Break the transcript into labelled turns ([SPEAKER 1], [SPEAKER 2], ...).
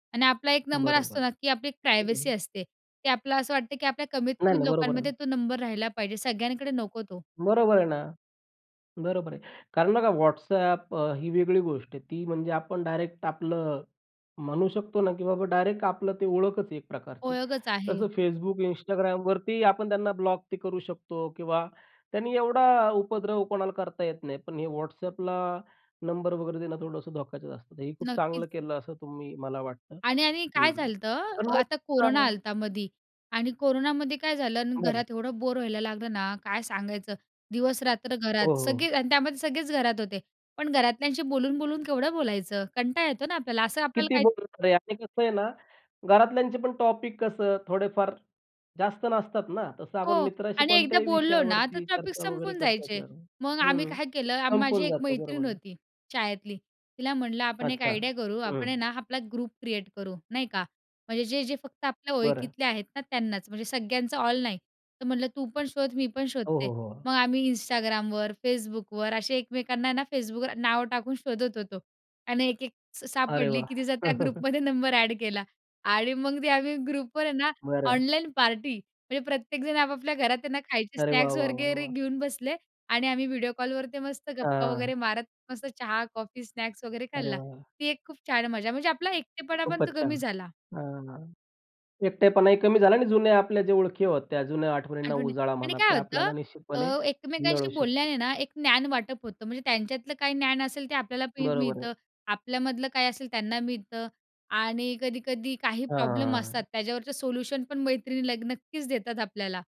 [SPEAKER 1] आणि आपला 1 नंबर असतो
[SPEAKER 2] बरोबर,
[SPEAKER 1] ना, की आपली एक
[SPEAKER 2] ठीक
[SPEAKER 1] प्रायव्हसी
[SPEAKER 2] आहे.
[SPEAKER 1] असते की आपल्याला असं वाटतं की आपल्या कमीत,
[SPEAKER 2] नाही
[SPEAKER 1] कमी
[SPEAKER 2] नाही. बरोबर आहे.
[SPEAKER 1] लोकांमध्ये तो नंबर राहिला पाहिजे सगळ्यांकडे नको तो.
[SPEAKER 2] बरोबर आहे ना, बरोबर आहे. कारण बघा, WhatsApp अ, ही वेगळी गोष्ट आहे. ती म्हणजे आपण डायरेक्ट आपलं म्हणू शकतो ना, की बाबा, डायरेक्ट आपलं ते ओळखच आहे एक प्रकारची
[SPEAKER 1] ओळखच आहे.
[SPEAKER 2] कसं Facebook Instagramवरती आपण त्यांना ब्लॉक ते करू शकतो किंवा त्यांनी एवढा उपद्रव कोणाला करता येत नाही. पण हे WhatsAppला नंबर वगैरे देणं थोडंसं धोक्याचे असतात. हे खूप
[SPEAKER 1] नक्कीच.
[SPEAKER 2] चांगलं केलं असं तुम्ही मला वाटतं.
[SPEAKER 1] आणि-आणि काय
[SPEAKER 2] हं,
[SPEAKER 1] झालतं,
[SPEAKER 2] पण मग
[SPEAKER 1] आता कोरोना
[SPEAKER 2] हां.
[SPEAKER 1] आलंता मधी आणि कोरोनामध्ये काय झालं आणि
[SPEAKER 2] बरं.
[SPEAKER 1] घरात एवढं बोर व्हायला लागलं ना, काय सांगायचं. दिवस-रात्र
[SPEAKER 2] हो,
[SPEAKER 1] घरात,
[SPEAKER 2] हो.
[SPEAKER 1] सगळे आणि त्यामध्ये सगळेच घरात होते. पण घरातल्यांशी बोलून-बोलून केवढं बोलायचं? कंटाळ येतो ना आपल्याला, असं आपल्याला
[SPEAKER 2] किती
[SPEAKER 1] काही
[SPEAKER 2] बोलणार आहे आणि कसं आहे ना, घरातल्यांचे पण टॉपिक कसं थोडेफार जास्त नसतात ना, तसं आपण
[SPEAKER 1] हो
[SPEAKER 2] मित्राशी
[SPEAKER 1] आणि एकदा
[SPEAKER 2] कोणत्याही
[SPEAKER 1] बोललो ना तर
[SPEAKER 2] विषयावरती
[SPEAKER 1] टॉपिक
[SPEAKER 2] चर्चा वगैरे
[SPEAKER 1] संपून
[SPEAKER 2] करता येते
[SPEAKER 1] जायचे. मग आम्ही
[SPEAKER 2] हं.
[SPEAKER 1] काय केलं, माझी
[SPEAKER 2] संपून
[SPEAKER 1] एक
[SPEAKER 2] जातं, बरोबर
[SPEAKER 1] मैत्रीण
[SPEAKER 2] आहे.
[SPEAKER 1] होती शाळेतली, तिला म्हटलं, "आपण एक
[SPEAKER 2] अच्छा!
[SPEAKER 1] आयडिया करू आपण आहे
[SPEAKER 2] हं.
[SPEAKER 1] ना, आपला ग्रुप क्रिएट करू, नाही का. म्हणजे जे-जे फक्त आपल्या
[SPEAKER 2] बरं.
[SPEAKER 1] ओळखतले आहेत ना त्यांनाच. म्हणजे सगळ्यांचं ऑल नाही तर म्हटलं तू पण शोध, मी पण
[SPEAKER 2] हो,
[SPEAKER 1] शोधते."
[SPEAKER 2] हो. हो.
[SPEAKER 1] मग आम्ही Instagramवर, Facebookवर असे एकमेकांना आहे ना, Facebookवर नाव टाकून शोधत होतो आणि 1-1 स
[SPEAKER 2] अरे
[SPEAKER 1] सापडली
[SPEAKER 2] वाह!
[SPEAKER 1] की तिचा त्या ग्रुपमध्ये नंबर एड केला आणि मग ते आम्ही ग्रुपमध्ये आहे ना,
[SPEAKER 2] बरं.
[SPEAKER 1] Online party. म्हणजे प्रत्येकजण आपापल्या घरात त्यांना खायचे
[SPEAKER 2] अरे वाह,
[SPEAKER 1] स्नॅक्स
[SPEAKER 2] वाह, वाह,
[SPEAKER 1] वगैरे
[SPEAKER 2] वाह!
[SPEAKER 1] घेऊन बसले आणि आम्ही व्हिडिओ कॉलवर ते मस्त गप्पा
[SPEAKER 2] हां.
[SPEAKER 1] वगैरे मारत, मस्त चहा, कॉफी, स्नॅक्स वगैरे
[SPEAKER 2] अरे
[SPEAKER 1] खाल्ला.
[SPEAKER 2] वाह!
[SPEAKER 1] ती एक खूप छान मजा. म्हणजे आपला एकटेपणा पण तो
[SPEAKER 2] खूपच छान!
[SPEAKER 1] कमी झाला.
[SPEAKER 2] हं, हं. एकटेपणाहि कमी झाला आणि जुने आपल्या जे ओळखी होत्या, जुन्या आठवणींना
[SPEAKER 1] आठवणी.
[SPEAKER 2] उजाळा
[SPEAKER 1] आणि
[SPEAKER 2] म्हणा
[SPEAKER 1] काय
[SPEAKER 2] ते
[SPEAKER 1] होतं
[SPEAKER 2] आपल्याला
[SPEAKER 1] अ,
[SPEAKER 2] निश्चितपणे मिळू
[SPEAKER 1] एकमेकांशी
[SPEAKER 2] शकतो.
[SPEAKER 1] बोलल्याने ना, एक ज्ञान वाटप होतं. म्हणजे त्यांच्यातलं काही ज्ञान असेल ते आपल्याला मी
[SPEAKER 2] बरोबर आहे.
[SPEAKER 1] मिळतं. आपल्यामधलं काय असेल त्यांना मिळतं आणि कधी-कधी काही प्रॉब्लेम
[SPEAKER 2] हां.
[SPEAKER 1] असतात त्याच्यावरचं सोल्युशन पण मैत्रिणी ल नक्कीच देतात आपल्याला.